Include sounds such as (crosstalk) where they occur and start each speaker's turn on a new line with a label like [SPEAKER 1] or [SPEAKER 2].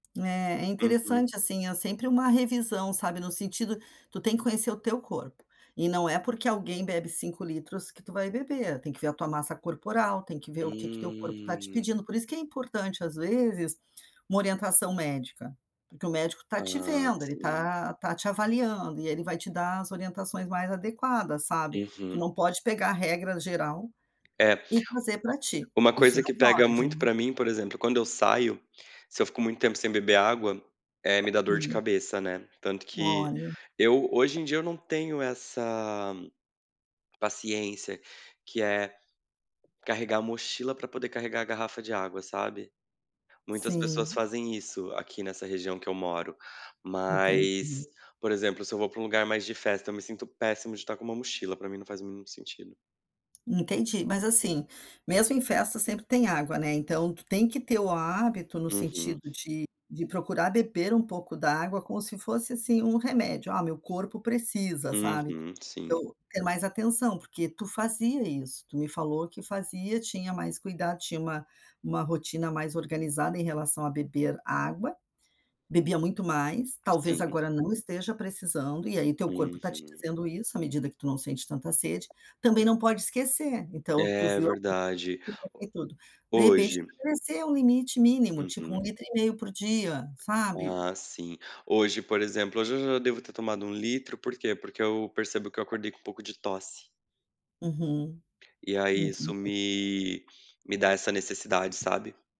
[SPEAKER 1] É, é
[SPEAKER 2] Uhum.
[SPEAKER 1] interessante, assim, é sempre uma revisão, sabe, no sentido tu tem que conhecer o teu corpo, e não é porque alguém bebe 5 litros, que tu vai beber, tem que ver a tua massa corporal, tem que ver o que que teu corpo está te
[SPEAKER 2] Hum.
[SPEAKER 1] pedindo, por isso que é importante, às vezes, uma orientação médica, porque o médico tá te
[SPEAKER 2] Ah,
[SPEAKER 1] vendo, ele
[SPEAKER 2] sim.
[SPEAKER 1] tá tá te avaliando e ele vai te dar as orientações mais adequadas, sabe. Tu
[SPEAKER 2] Uhum.
[SPEAKER 1] não pode pegar regra geral
[SPEAKER 2] É
[SPEAKER 1] e trazer pra ti,
[SPEAKER 2] uma
[SPEAKER 1] isso
[SPEAKER 2] coisa
[SPEAKER 1] não
[SPEAKER 2] que pega
[SPEAKER 1] pode,
[SPEAKER 2] muito
[SPEAKER 1] nu
[SPEAKER 2] pra mim, por exemplo, quando eu saio, se eu fico muito tempo sem beber água, eh, me dá dor de
[SPEAKER 1] Hum.
[SPEAKER 2] cabeça, né. Tanto que,
[SPEAKER 1] Olha.
[SPEAKER 2] eu hoje em dia eu não tenho essa paciência que é, carregar a mochila pra poder carregar a garrafa de água, sabe. Muitas pessoas
[SPEAKER 1] Sim.
[SPEAKER 2] fazem isso aqui, nessa região que eu moro, mas,
[SPEAKER 1] Entendi.
[SPEAKER 2] por exemplo, se eu vou pra um lugar mais de festa, eu me sinto péssimo de estar com uma mochila, pra mim não faz muito sentido.
[SPEAKER 1] Entendi, mas, assim, mesmo em festa sempre tem água, né, então tu tem que ter o hábito, no
[SPEAKER 2] Uhum.
[SPEAKER 1] sentido de de procurar beber um pouco d'água como se fosse, assim, um remédio, "Ah meu corpo precisa", sabe.
[SPEAKER 2] Uhum, sim.
[SPEAKER 1] Eu ter mais atenção, porque tu fazia isso, tu me falou que fazia, tinha mais cuidado, tinha uma uma rotina mais organizada em relação a "beber água", bebia muito mais, talvez
[SPEAKER 2] Sim.
[SPEAKER 1] agora não esteja precisando e aí teu corpo está te
[SPEAKER 2] Uhum.
[SPEAKER 1] dizendo isso, à medida que tu não sente tanta sede, também não pode esquecer, então tu
[SPEAKER 2] É,
[SPEAKER 1] viu a
[SPEAKER 2] verdade.
[SPEAKER 1] (unintelligible) e tudo, de
[SPEAKER 2] Ho
[SPEAKER 1] repente
[SPEAKER 2] hoje.
[SPEAKER 1] crescer é um limite mínimo, tipo, um
[SPEAKER 2] Uhum.
[SPEAKER 1] litro e meio por dia, sabe.
[SPEAKER 2] Ah, sim. Hoje, por exemplo, hoje eu já devo ter tomado 1 litro, por que? Porque eu percebo que eu acordei com um pouco de tosse.
[SPEAKER 1] Uhum,
[SPEAKER 2] E aí, isso
[SPEAKER 1] entendi.
[SPEAKER 2] me me dá essa necessidade, sabe.